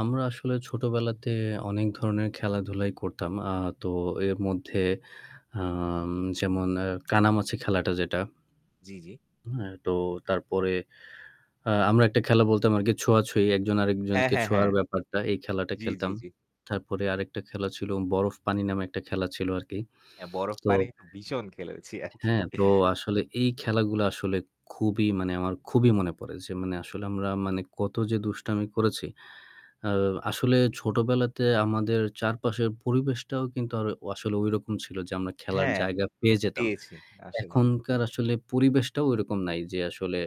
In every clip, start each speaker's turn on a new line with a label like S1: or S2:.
S1: আমরা আসলে ছোটবেলাতে অনেক ধরনের খেলাধুলাই করতাম। আ তো এর মধ্যে হাম যেমন এ কানামাছি খেলাটা যেটা
S2: জ্বি, জ্বি।
S1: হ্যাঁ, তো তারপরে আ আমরা একটা খেলা বলতাম আরকি ছোঁয়াছুঁয়ি। একজন
S2: হ্যাঁ,
S1: আরেকজনকে
S2: হ্যাঁ,
S1: ছোঁয়ার
S2: হ্যাঁ।
S1: ব্যাপারটা। এই খেলাটা
S2: জ্বি, জ্বি,
S1: খেলতাম।
S2: জ্বি।
S1: তারপরে আরেকটা খেলা ছিল 'বরফ পানি' নামে একটা খেলা ছিল আরকি।
S2: এ বরফ
S1: তো
S2: পানি বি ভীষণ খেলেছি আরকি।
S1: হ্যাঁ, তো আসলে এই খেলাগুলো আসলে খুবই মানে আমার খুবই মনে পড়ে যে মানে আসলে আমরা মানে কত যে দুষ্টামি করেছি। আ
S2: হুম।
S1: আসলে ছোটবেলাতে আমাদের চারপাশের পরিবেশটাও কিন্তু আর আসলে ওইরকম ছিল যে আমরা খেলার
S2: হ্যাঁ,
S1: জায়গা পেয়ে যেতাম।
S2: পেয়েছি। আসলে।
S1: এখনকার আসলে পরিবেশটাও ওইরকম নাই যে আসলে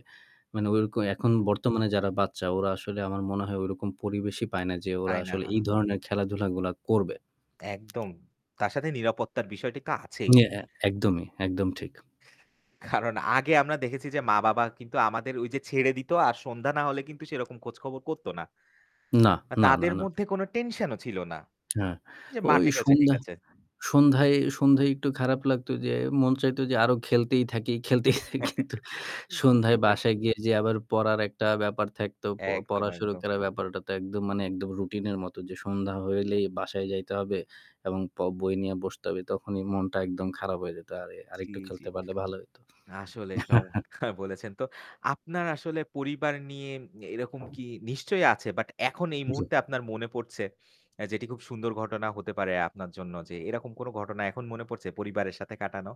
S1: মানে ঐরকম এখন বর্তমানে যারা বাচ্চা ওরা আসলে আমার মনে হয় ওইরকম পরিবেশই পায় না যে ওরা আসলে
S2: আয়না।
S1: এই ধরনের খেলাধুলাগুলা করবে।
S2: একদম। তার সাথে নিরাপত্তার বিষয়টি তো আছেই।
S1: ই এ একদমই। একদম ঠিক।
S2: কারণ আগে আমরা দেখেছি যে মা-বাবা কিন্তু আমাদের ওইযে ছেড়ে দিত আর সন্ধ্যা না হলে কিন্তু সেরকম খোঁজ খবর করতো না।
S1: না,
S2: আ
S1: না, না,
S2: তাদের
S1: না।
S2: মধ্যে কোনো টেনশনও ছিল না।
S1: হ্যাঁ,
S2: যে
S1: ওই
S2: মাঠে খেলছে, ঠিক
S1: সন্ধ্যা
S2: আছে।
S1: সন্ধ্যায় সন্ধ্যায় একটু খারাপ লাগতো যে মন চাইতো যে আরো খেলতেই থাকি, খেলতেই থাকি। কিন্তু সন্ধ্যায়
S2: ঠিক।
S1: বাসায় গিয়ে যে আবার পড়ার একটা ব্যাপার থাকতো। প
S2: একদম,
S1: পড়া শুরু
S2: একদম।
S1: করার ব্যাপারটা তো একদম একদম রুটিনের মতো যে সন্ধ্যা হইলেই বাসায় যাইতে হবে এবং প বই নিয়ে বসতে হবে। তখনই মনটা একদম খারাপ হয়ে যেত। আর
S2: জ্বী,
S1: আরেকটু
S2: জ্বী।
S1: খেলতে পারলে ভালো হইতো।
S2: আসলেই চমৎকার বলেছেন। তো আপনার আসলে পরিবার নিয়ে এরকম কি নিশ্চয়ই আছে বাট এখন এই
S1: জ্বী।
S2: মুহূর্তে আপনার মনে পড়ছে অ্যা যেটি খুব সুন্দর ঘটনা হতে পারে আপনার জন্য যে এরকম কোন ঘটনা এখন মনে পড়ছে পরিবারের সাথে কাটানো?